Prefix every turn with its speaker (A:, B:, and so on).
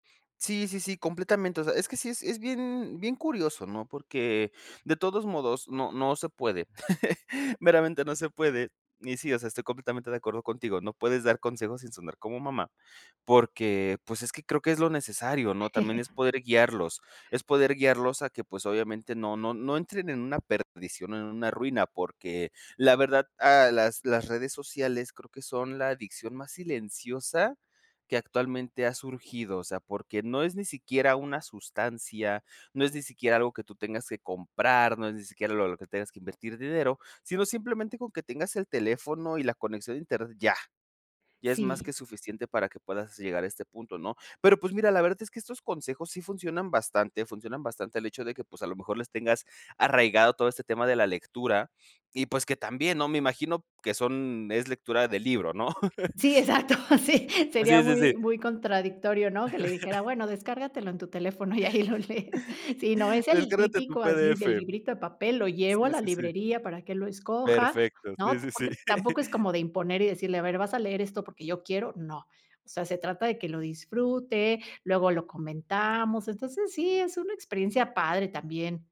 A: Sí, sí, sí, completamente. O sea, es que sí es es bien bien curioso, ¿no?, porque de todos modos no no se puede. Meramente, no se puede. Y sí, o sea, estoy completamente de acuerdo contigo, no puedes dar consejos sin sonar como mamá porque, pues, es que creo que es lo necesario, ¿no? También es poder guiarlos, es poder guiarlos a que, pues, obviamente no no no entren en una perdición o en una ruina porque la verdad a las las redes sociales creo que son la adicción más silenciosa que actualmente ha surgido. O sea, porque no es ni siquiera una sustancia, no es ni siquiera algo que tú tengas que comprar, no es ni siquiera lo lo que tengas que invertir dinero, sino simplemente con que tengas el teléfono y la conexión a internet ya. Ya es más que
B: Sí.
A: suficiente para que puedas llegar a este punto, ¿no? Pero, pues, mira, la verdad es que estos consejos sí funcionan bastante. Funcionan bastante el hecho de que, pues, a lo mejor les tengas arraigado todo este tema de la lectura y, pues, que también, ¿no? Me imagino que son es lectura del libro, ¿no?
B: Sí, exacto, sí, sería
A: Sí, sí, sí.
B: muy muy contradictorio, ¿no? Que le dijera: "Bueno, descárgatelo en tu teléfono y ahí lo lees". Sí, no, es el
A: Descárgate tu
B: típico así,
A: PDF.
B: del librito de papel. Lo llevo a
A: Sí,
B: la
A: sí, sí.
B: librería para que él lo escoja,
A: Perfecto, sí,
B: ¿no?
A: sí, sí.
B: Porque tampoco es como de imponer y decirle: "A ver, vas a leer esto porque yo quiero". No. O sea, se trata de que lo disfrute, luego lo comentamos, entonces sí es una experiencia padre también.